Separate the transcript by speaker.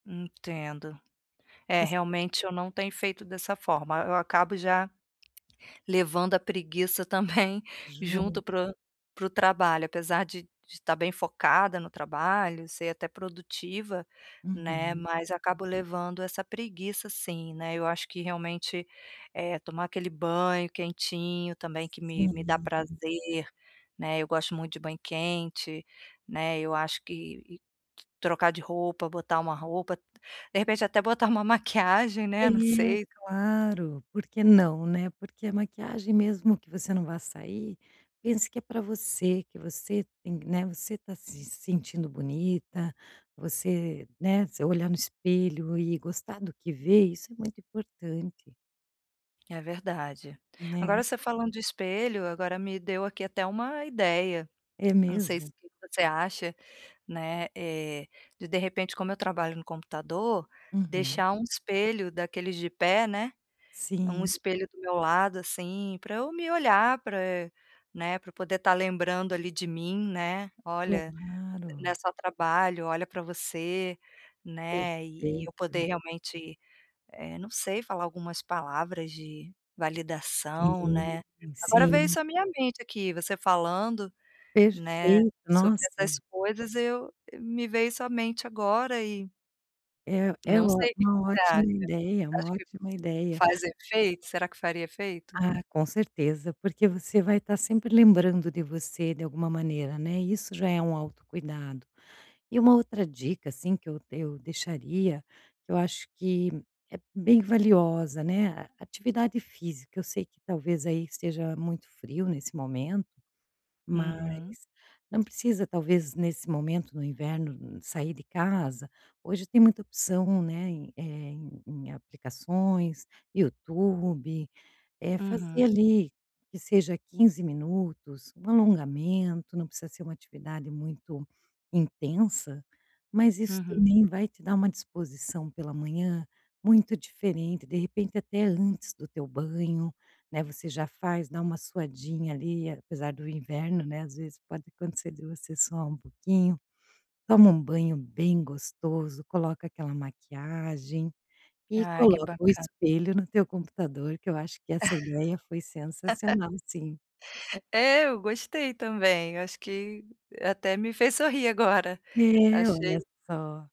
Speaker 1: Entendo. É,
Speaker 2: Você.
Speaker 1: realmente eu não tenho feito dessa forma, eu acabo já levando a preguiça também
Speaker 2: Junto.
Speaker 1: junto para o para o trabalho. Apesar de de tá bem focada no trabalho, ser até produtiva, né,
Speaker 2: Uhum.
Speaker 1: mas acabo levando essa preguiça sim, né. Eu acho que realmente, eh, tomar aquele banho quentinho, também que me me dá
Speaker 2: Sim.
Speaker 1: prazer, né, eu gosto muito de banho quente, né, eu acho que trocar de roupa, botar uma roupa, de repente até botar uma maquiagem
Speaker 2: É,
Speaker 1: né, não sei.
Speaker 2: claro, por que não, né? Porque a maquiagem mesmo que você não vá sair, pense que é pra você, que você tem, né, você tá se sentindo bonita, você, né, você olhar no espelho e gostar do que vê, isso é muito importante
Speaker 1: É verdade.
Speaker 2: Né?
Speaker 1: Agora você falando de espelho, agora me deu aqui até uma ideia.
Speaker 2: É
Speaker 1: Não sei se
Speaker 2: mesmo?
Speaker 1: você acha, né, eh, de de repente como eu trabalho no computador,
Speaker 2: Uhum.
Speaker 1: deixar um espelho daqueles de pé, né, um
Speaker 2: Sim.
Speaker 1: espelho do meu lado, assim, pra eu me olhar, pra eh né, pra eu poder tá lembrando, ali, de mim, né: "Olha, né
Speaker 2: Claro.
Speaker 1: só trabalho, olha pra você", né, e eu
Speaker 2: Perfeito.
Speaker 1: poder realmente, eh não sei falar algumas palavras de validação,
Speaker 2: Sim,
Speaker 1: né. Agora veio
Speaker 2: sim.
Speaker 1: isso a minha mente, aqui, você falando, né,
Speaker 2: Perfeito,
Speaker 1: sobre
Speaker 2: nossa.
Speaker 1: essas coisas, eu me veio isso a mente agora e
Speaker 2: É é
Speaker 1: não
Speaker 2: ó
Speaker 1: sei o que
Speaker 2: uma
Speaker 1: que você acha?
Speaker 2: ótima
Speaker 1: Você
Speaker 2: ideia,
Speaker 1: acha
Speaker 2: uma
Speaker 1: que
Speaker 2: ótima ideia.
Speaker 1: faz efeito será que faria efeito?
Speaker 2: Ah, com certeza, porque você vai ta sempre lembrando de você de alguma maneira, né, isso já é um autocuidado. E uma outra dica, assim, que eu eu deixaria, que eu acho que, é bem valiosa, né. A atividade física, eu sei que talvez, aí, esteja muito frio nesse momento, mas,
Speaker 1: Uhum.
Speaker 2: não precisa talvez, nesse momento no inverno, sair de casa, hoje tem muita opção, né, em eh, em em aplicações, YouTube. Eh, fazer,
Speaker 1: Uhum.
Speaker 2: ali, que seja 15 minutos, um alongamento, não precisa ser uma atividade muito intensa, mas isso
Speaker 1: Uhum.
Speaker 2: também vai te dar uma disposição pela manhã, muito diferente. De repente, até antes do teu banho, né, você já faz, dá uma suadinha, ali, apesar do inverno, né, às vezes, pode acontecer de você suar uma pouquinho. Toma um banho bem gostoso, coloca aquela maquiagem, e
Speaker 1: Ah, que
Speaker 2: coloca o
Speaker 1: bacana.
Speaker 2: espelho no teu computador que eu acho que essa ideia foi sensacional sim.
Speaker 1: É, eu gostei também, eu acho que, até me fez sorrir agora.
Speaker 2: É, olha
Speaker 1: Achei
Speaker 2: só.